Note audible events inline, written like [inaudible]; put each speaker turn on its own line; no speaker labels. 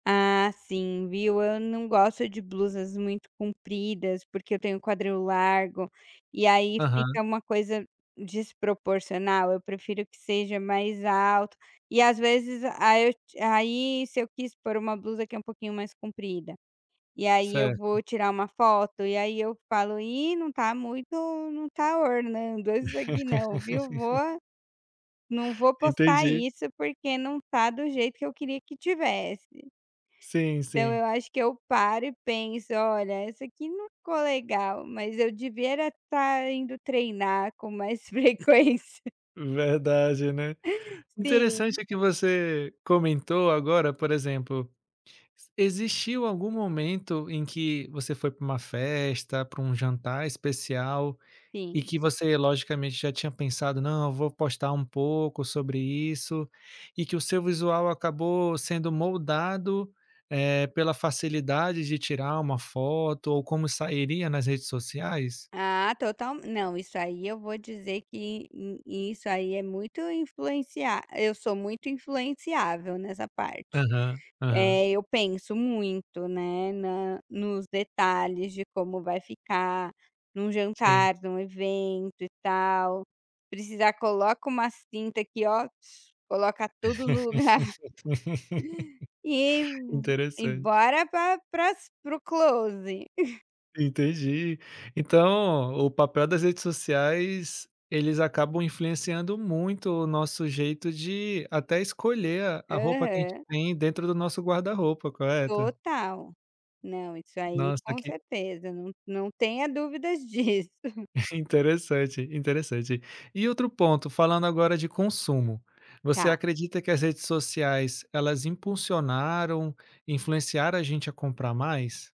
Ah, sim viu, eu não gosto de blusas muito compridas porque eu tenho quadril largo, e aí
Aham.
fica uma coisa desproporcional, eu prefiro que seja mais alto, e às vezes aí eu aí se eu quis pôr uma blusa que é um pouquinho mais comprida. E aí eu vou
Certo.
tirar uma foto e aí eu falo: "Ih, não está muito não está ornando isso aqui não, viu"?
[laughs]
Vou, não vou postar
Entendi.
isso porque não está do jeito que eu queria que estivesse.
Sim,
Então
sim.
eu acho que eu paro e penso: "Olha, essa aqui não ficou legal mas eu devia era estar indo treinar com mais frequência".
Verdade, né.
Uh, sim.
Interessante é que você, comentou agora por exemplo, existiu algum momento em que você foi para uma festa, para um jantar especial, e
Sim.
que você logicamente já tinha pensado: "Não eu vou postar um pouco sobre isso", e que o seu visual acabou sendo moldado, é, pela facilidade de tirar uma foto ou como sairia nas redes sociais?
Ah totalme não, isso aí eu vou dizer que i isso aí é muito influencia eu sou muito influenciável nessa parte.
Aham, aham.
É, eu penso muito, né, na nos detalhes de como vai ficar, em um
Sim.
jantar, em um evento e tal, Precisar coloca uma cinta aqui ó, coloca tudo no lugar. [laughs] E
[laughs] Interessante.
embora para, paras, pro close. [chuckles]
Entendi. Então, o o papel das redes sociais, eles acabam influenciando muito o nosso jeito de até escolher a a roupa que a gente
Aham.
tem dentro do nosso guarda-roupa, correto?
Total. Não, isso aí
Nossa
com
que
certeza, não não tenha dúvidas disso.
[chuckles]
[laughs]
interessante, interessante. E outro ponto falando agora de consumo. Você
Está.
acredita que as redes sociais elas impulsionaram, influenciaram a gente a comprar mais?